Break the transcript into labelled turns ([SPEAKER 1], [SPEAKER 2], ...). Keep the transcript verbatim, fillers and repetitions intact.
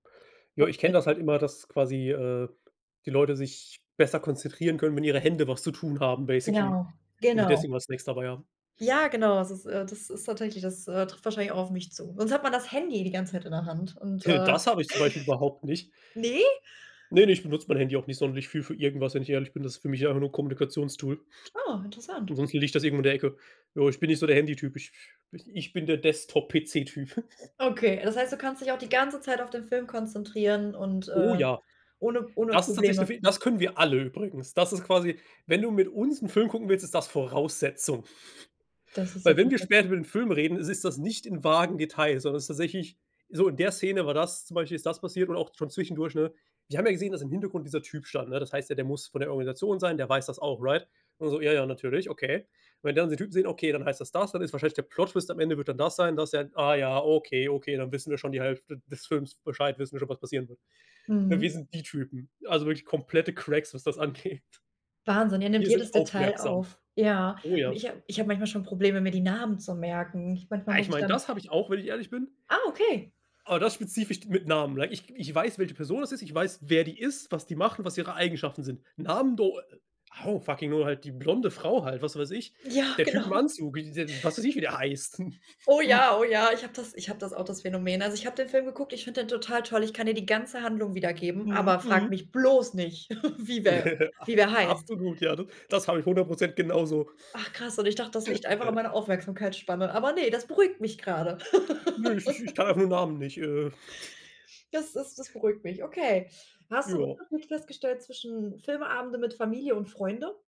[SPEAKER 1] Ja, ich kenne das halt
[SPEAKER 2] [unintelligible]
[SPEAKER 1] immer, dass quasi, äh, die Leute sich besser konzentrieren können, wenn ihre Hände was zu tun haben, basically
[SPEAKER 2] Ja,
[SPEAKER 1] und sie
[SPEAKER 2] genau.
[SPEAKER 1] deswegen immer Snacks dabei haben.
[SPEAKER 2] Ja, genau. Das ist äh, das ist tatsächlich das, äh, trifft wahrscheinlich auch auf mich zu. Sonst hat man das Handy die ganze Zeit in der Hand und,
[SPEAKER 1] Heh,
[SPEAKER 2] äh
[SPEAKER 1] das habe ich zum Beispiel überhaupt nicht.
[SPEAKER 2] Ne?
[SPEAKER 1] Ne, ne, ich benutze mein Handy auch nicht sonderlich viel für irgendwas, wenn ich ehrlich bin. Das ist für mich einfach nur 'n Kommunikations-Tool.
[SPEAKER 2] Oh, interessant.
[SPEAKER 1] Ansonsten liegt das irgendwo in der Ecke. Jo, ich bin nicht so der Handy-Typ. Ich [unintelligible] ich bin der Desktop-PC-Typ.
[SPEAKER 2] Okay, das heißt, du kannst dich auch die ganze Zeit auf den Film konzentrieren und,
[SPEAKER 1] Oh
[SPEAKER 2] äh,
[SPEAKER 1] ja,
[SPEAKER 2] ohne ohne
[SPEAKER 1] das ist tatsächlich 'n
[SPEAKER 2] Probleme?
[SPEAKER 1] fe das können wir alle übrigens. Das ist quasi wenn du mit uns 'n Film gucken willst, ist das Voraussetzung.
[SPEAKER 2] Das ist ja
[SPEAKER 1] Weil, wenn wir
[SPEAKER 2] perfekt.
[SPEAKER 1] später über den Film reden, ist es das nicht in vagen Details, sondern ist tatsächlich so: „In der Szene war das, zum Beispiel ist das passiert”, und auch schon zwischendurch, ne? „Wir haben ja gesehen, dass im Hintergrund dieser Typ stand, ne? Das heißt ja, der muss von der Organisation sein, der weiß das auch“, right? Und so „ja, ja, natürlich. Okay. Wenn wir dann den Typen sehen, okay, dann heißt das das dann ist wahrscheinlich der Plot-Twist am Ende wird dann das sein“ das ja. Ah ja, okay, okay, dann wissen wir schon die Hälfte des Films Bescheid wissen wir schon, was passieren wird. Ne, wir
[SPEAKER 2] Mhm.
[SPEAKER 1] sind die Typen, also wirklich komplette Cracks, was das angeht.
[SPEAKER 2] Wahnsinn, ihr nehmt
[SPEAKER 1] Wir sind
[SPEAKER 2] jedes Detail
[SPEAKER 1] aufmerksam.
[SPEAKER 2] auf. Ja,
[SPEAKER 1] Oh
[SPEAKER 2] und
[SPEAKER 1] ja.
[SPEAKER 2] ich habe ich habe manchmal schon Probleme, mir die Namen zu merken. Manchmal
[SPEAKER 1] Ah, ich
[SPEAKER 2] muss ich
[SPEAKER 1] meine,
[SPEAKER 2] dann
[SPEAKER 1] das habe ich auch, wenn ich ehrlich bin
[SPEAKER 2] Ah, okay.
[SPEAKER 1] aber das spezifisch mit Namen, like ich ich weiß, welche Person das ist. Ich weiß, wer die ist, was die macht und was ihre Eigenschaften sind. Namen do oh, fucking no, halt die blonde Frau halt, was weiß ich.
[SPEAKER 2] Ja,
[SPEAKER 1] Der Typ im
[SPEAKER 2] genau.
[SPEAKER 1] Anzug, i w was weiß ich, wie der heißt.
[SPEAKER 2] Oh ja. Oh ja, ich habe das ich habe das auch, das Phänomen. Also, ich habe den Film geguckt, ich finde den total toll, ich kann dir die ganze Handlung wiedergeben,
[SPEAKER 1] Mhm,
[SPEAKER 2] aber frage
[SPEAKER 1] hm.
[SPEAKER 2] mich bloß nicht, wie wer
[SPEAKER 1] A
[SPEAKER 2] wie wer heißt.
[SPEAKER 1] absolut, ja, ne? Das habe ich hundert Prozent genau so.
[SPEAKER 2] Ach krass und ich dachte, das liegt einfach an
[SPEAKER 1] [unintelligible]
[SPEAKER 2] meiner Aufmerksamkeitsspanne, aber ne, das beruhigt mich grade.
[SPEAKER 1] Nö, ich ich kann einfach nur Namen nicht, äh
[SPEAKER 2] Das das das beruhigt mich. Okay. Hast du 'n
[SPEAKER 1] Jo.
[SPEAKER 2] Unterschiede festgestellt zwischen Filme-Abende mit Familie und Freunde?